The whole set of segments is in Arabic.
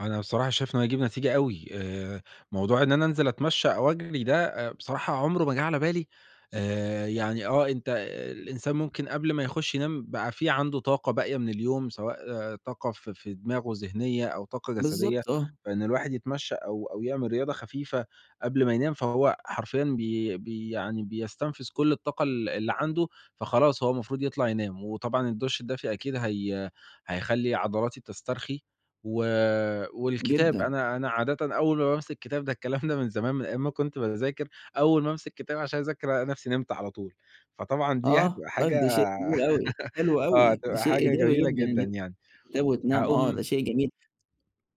أنا بصراحة شايف إنه هيجيب نتيجة أوي آآ، موضوع إن أنا أنزِل أتمشّى أو أجرِي ده آآ بصراحة عمره ما جِه على بالي آآ، يعني آه، أنت الإنسان ممكن قبل ما يخُش ينام بقى في عندُه طاقة باقية من اليوم، سواء طاقة في في دماغه ذهنية أو طاقة جسدية، بالضبط آه. فإن الواحد يتمشى أو أو يعمل رياضة خفيفة قبل ما ينام فهو حرفيًا بي بي يعني بيستنفِذ كلّ الطاقة ال اللي عَنده. فخلاص هو المفروض يطلَع ينام وطبعًا الدُّش الدافي أكيد هي هيخلّي عضلاتي تسترخي و والكتاب جدًا. أنا أنا عادةً أول ما بامسك الكتاب ده الكلام ده من زمان، من أيام ما كنت باذاكر، أول ما أمسِك كتاب عشان أذاكر ألاقي نفسي نِمت على طول، فطبعًا دي آه، هتبقى طيب حاجة ده شيء جميل أوي، حلو آه أوي، ده هتبقى شيء حاجة إيجابي جميلة جدًا إن جدًا أنت يعني. [unintelligible] وتنام، آه ده هاقوم شيء جميل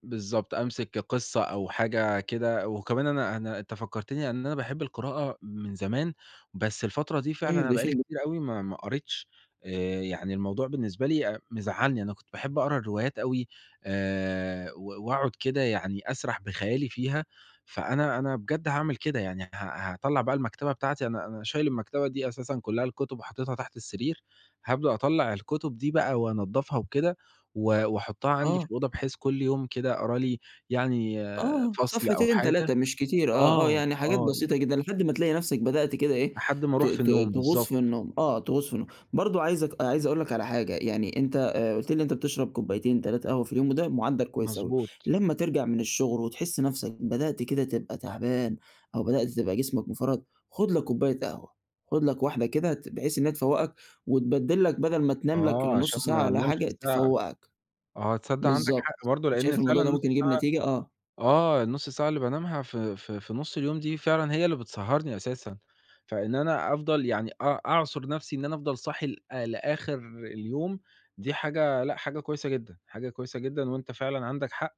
بالضبط، أمسِك قِصّة أو حاجة كده، وكمان أنا أنا أنت فكّرتني إن أنا باحب القراءة من زمان، بس الفترة دي فعلًا طيب أنا ده بقى لي شئ ج كتير أوي ما ما قريتش آآ، يعني الموضوع بالنسبة لي أ مزعّلني، أنا كنت باحب أقرا الروايات أوي آآ، و وأقعُد كده يعني أسرَح بخيالي فيها. فأنا أنا بجد هاعمل كده يعني ه هاطلّع بقى المكتبة بتاعتي، أنا أنا شايل المكتبة دي أساسًا كلّها الكتُب وحطّيتها تحت السرير، هابدأ أطلّع الكتُب دي بقى وأنضّفها وكده و وأحطّها عَندي في آه. الأوضة بحيث كلّ يوم كده أقرا لي يعني آه فصل أو صفحتين حاجة، 3 مش كتير، آه، آه، آه، يعني حاجات آه. بسيطة [unintelligible] جدًا لحد ما تلاقي نفسك بدأت كده إيه، لحد ما ت أرُوح في ت النوم. تغُوص بالضبط. في النوم، آه، تغُوص في النوم، برضه عايزك عايز أقول لك على حاجة، يعني أنت آآ قُلت لي إن أنت بتشرَب كوبايتين 3 قهوة في اليوم وده مُعدَّل كويس أوي، مضبوط. لمّا ترجَع من الشغل وتحس نفسك بدأت كده تبقى تعبان أو بدأت تبقى جسمك مفرهد، خُد لك كوباية قهوة، خُد لك واحدة كده ت بحيث إن هي تفوّقك وتبدِّل لك بدَل ما تنام لك آه، نُص عشان ما ساعة والّا أنامش حاجة ساعة تفوّقك. آه تصدَّق عندك بالضبط حق! برضه لأن شايف فعلًا الموضوع ده النُص ممكن يجيب ساعة نتيجة؟ آه. آه النُص ساعة اللي بانامها في في في نُص اليوم دي فعلًا هي اللي بتسهّرني أساسًا، فإن أنا أفضَل يعني أ أعصُر نفسي، إن أنا أفضَل صاحي ل لآخِر اليوم دي حاجة لأ حاجة كويسة جدًا، حاجة كويسة جدًا وأنت فعلًا عندَك حق،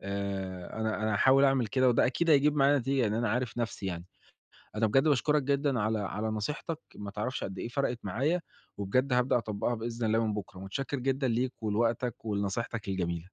آآ أنا أنا هاحاول أعمل كده وده أكيد هيجيب معايا نتيجة، لإن أنا عارف نفسي يعني. أنا بجد باشكرك جدًا على على نصيحتك ما تعرفش قد إيه فرقتِ معايا وبجد هابدأ أطبّقها بإذن الله من بُكرة. متشكر جدًا ليك ولوقتك ولنصيحتك الجميلة.